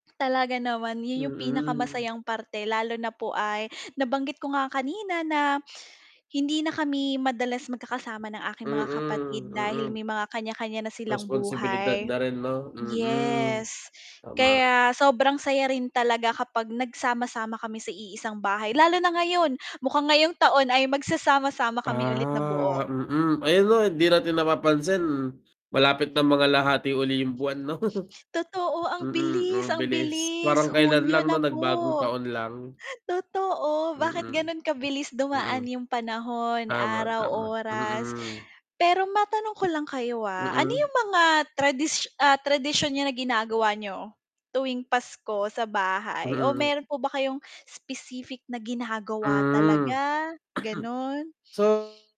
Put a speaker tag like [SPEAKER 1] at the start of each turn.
[SPEAKER 1] Talaga naman yun yung
[SPEAKER 2] Mm.
[SPEAKER 1] pinakamasayang parte lalo na po ay nabanggit ko nga kanina na hindi na kami madalas magkakasama ng aking mga kapatid
[SPEAKER 2] Mm,
[SPEAKER 1] dahil
[SPEAKER 2] mm.
[SPEAKER 1] may mga kanya-kanya na silang
[SPEAKER 2] Responsibilidad
[SPEAKER 1] buhay.
[SPEAKER 2] na rin 'no? Mm,
[SPEAKER 1] Yes,
[SPEAKER 2] tama.
[SPEAKER 1] kaya sobrang saya rin talaga kapag nagsama-sama kami sa iisang bahay lalo na ngayon, mukhang ngayong taon ay magsasama-sama kami ulit na buo.
[SPEAKER 2] Ah, mm, ayan 'no hindi natin napapansin malapit ng mangalahatati uli yung buwan, 'no?
[SPEAKER 1] Totoo, ang
[SPEAKER 2] Mm,
[SPEAKER 1] bilis
[SPEAKER 2] ang
[SPEAKER 1] ang
[SPEAKER 2] bilis,
[SPEAKER 1] bilis
[SPEAKER 2] parang kailan
[SPEAKER 1] Hunyo
[SPEAKER 2] lang
[SPEAKER 1] na
[SPEAKER 2] 'no, nagbagong
[SPEAKER 1] po.
[SPEAKER 2] taon lang.
[SPEAKER 1] Totoo, bakit
[SPEAKER 2] Mm.
[SPEAKER 1] ganun kabilis
[SPEAKER 2] Mm.
[SPEAKER 1] dumaan yung panahon,
[SPEAKER 2] Tama,
[SPEAKER 1] araw,
[SPEAKER 2] tama,
[SPEAKER 1] oras.
[SPEAKER 2] mm.
[SPEAKER 1] Pero matanong ko lang kayo, ah, ano
[SPEAKER 2] Mm.
[SPEAKER 1] yung mga tradis ah, tradisyon na ginagawa niyo tuwing Pasko sa bahay o
[SPEAKER 2] Mm.
[SPEAKER 1] meron po ba kayong specific na ginagawa
[SPEAKER 2] Mhm,
[SPEAKER 1] talaga, gano'n?
[SPEAKER 2] so